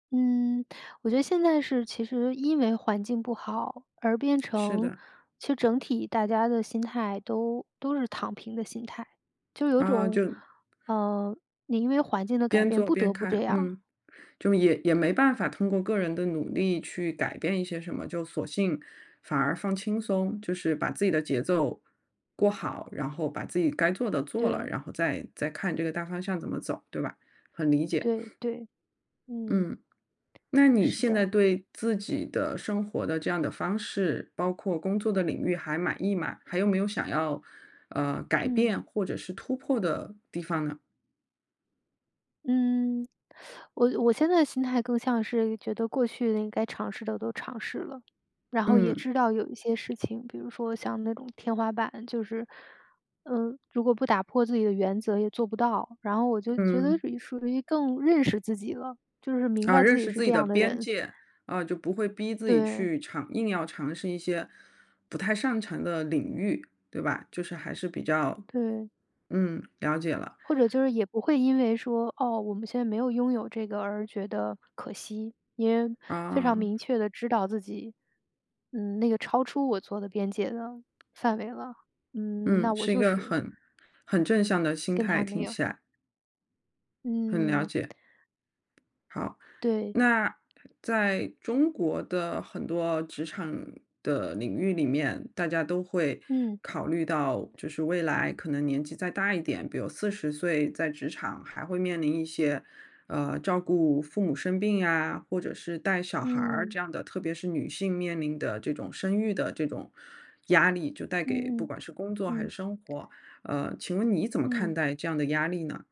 嗯，我觉得现在是其实因为环境不好而变是成的。其实整体大家的心态，都都是躺平的心态。就有啊，种就呃，你因为环境的改边变，做不边得不这看，样。嗯。就也也没办法通过个人的努力去改变一些什么，就索性反而放轻松，就是把自己的节奏过好，然后把自己该做的做了，对。然后再再看这个大方向怎么走，对吧？很理解。对 对，嗯。嗯，那你是现在的。对自己的生活的这样的方式，包括工作的领域还满意吗？还有没有想要，呃，改嗯。变或者是突破的地方呢？嗯。我我现在心态更像是，觉得过去的应该尝试的，都尝试了。然后也嗯。知道有一些事情，比如说像那种天花板，就是，呃，如果不打破自己的原则也做不到。然后我就觉得嗯。于属于更认识自己了，就是明啊，白自认己识是自己这的样的边人。界。啊，就不会逼自己对。去尝硬要尝试一些不太擅长的领域，对吧。就是还是比较对。嗯，了解了。或者就是也不会因为说，哦，我们现在没有拥有这个，而觉得可惜。因为非常啊。明确地知道自己，嗯，那个超出我做的边界了，范围了，嗯，嗯，那我是一就个是很很正向的心跟态，它没听有起来。很了嗯。解。好。对。那，在中国的很多职场的领域里面，大家都会嗯。考虑到，就是未来可能年纪再大一点，比如40岁在职场还会面临一些，呃，照顾父母生病呀，或者是带小孩儿嗯。这样的特别是女性面临的这种生育的这种压力，就带给不嗯管是工作还嗯，是嗯。生活。呃，请问你怎么看嗯。待这样的压力呢？